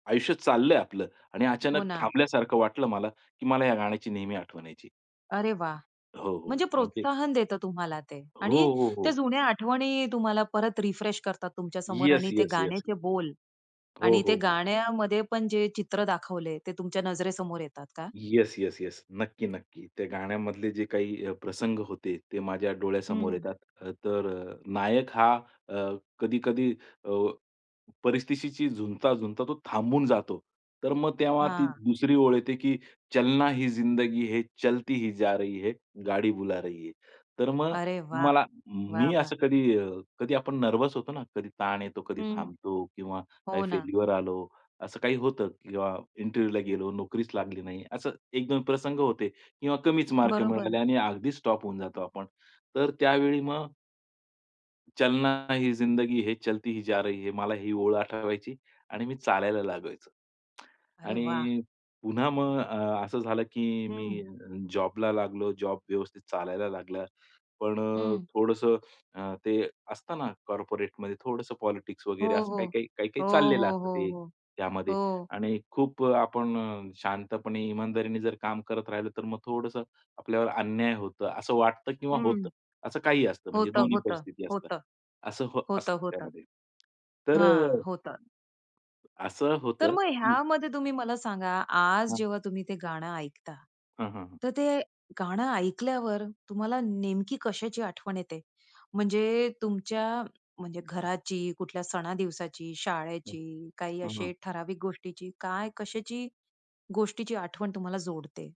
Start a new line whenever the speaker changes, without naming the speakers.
आयुष्य चाललंय आपलं आणि
हो
अचानक
ना.
थांबल्यासारखं वाटलं मला, की मला ह्या गाण्याची नेहमी आठवण यायची.
अरे वाह!
हो, हो.
म्हणजे
म्हणजे
प्रोत्साहन देतं तुम्हाला ते.
हो,
आणि
हो,
त्या
हो.
जुन्या आठवणी तुम्हाला परत रिफ्रेश करतात तुमच्या समोर
येस,
आणि ते
येस, येस,
गाण्याचे
येस.
बोल
हो,
आणि
हो,
ते
हो.
गाण्यामध्ये पण जे चित्र दाखवले, ते तुमच्या नजरेसमोर येतात का?
Yes, yes, yes. नक्की, नक्की. त्या गाण्यामधले जे अ, काही प्रसंग होते, ते माझ्या डोळ्यासमोर
हं.
येतात. अ, तर अ, नायक हा अ, कधी-कधी अ, परिस्थितीशी झुंजता, झुंजता तो थांबून जातो. तर मग तेव्हा ती
हां.
दुसरी ओळ येते की चलना ही जिंदगी है, चलती ही जा रही है, गाडी बुला रही है. तर मग
अरे वाह!
मला
वाह,
मी असं
वाह!
कधी अ, कधी आपण नर्व्हस होतो ना, कधी ताण येतो, कधी
हं.
थांबतो किंवा काही
हो ना.
फेल्युअर आलं, असं काही होतं किंवा इंटरव्ह्यूला गेलो, नोकरीच लागली नाही. असं एक दोन प्रसंग होते किंवा कमीच मार्क
बरोबर.
मिळाले आणि अगदीच स्टॉप होऊन जातो आपण. तर त्यावेळी मग चलना ही जिंदगी है, चलती ही जा रही है. मला ही ओळ आठवायची आणि मी चालायला लागायचो.
अरे वाह!
आणि पुन्हा मग अ, असं झालं की
हं.
मी जॉबला लागलो, जॉब व्यवस्थित चालायला लागला. पण अ,
हं.
थोडंसं अ, ते असतं ना, कॉर्पोरेटमध्ये थोडंसं पॉलिटिक्स
हो,
वगैरे असं
हो.
काही-काही, काही-काही
हो,
चाललेलं
हो,
असतं
हो,
ते
हो.
त्यामध्ये.
हो.
आणि खूप अ, आपण अ, शांतपणे इमानदारीने जर काम करत राहिलो, तर मग थोडंसं आपल्यावर अन्याय होतं असं वाटतं किंवा होतं.
हं.
असं काही असतं म्हणजे
होतं,
दोन्ही
होतं.
परिस्थिती असतं.
होतं.
असं हो असतं
होतं, होतं.
त्यामध्ये. तर
हां,
अ
होतात.
असं
तर
होतं,
मग
की
ह्यामध्ये तुम्ही मला सांगा, आज
हां.
जेव्हा तुम्ही ते गाणं ऐकता.
हां, हां, हां.
तर ते गाणं ऐकल्यावर तुम्हाला नेमकी कशाची आठवण येते, म्हणजे तुमच्या म्हणजे घराची, कुठल्या सणादिवसाची,
हं.
शाळेची काही
हां,
असे
हां.
ठराविक गोष्टीची, काय, कशाची गोष्टीची आठवण तुम्हाला जोडते?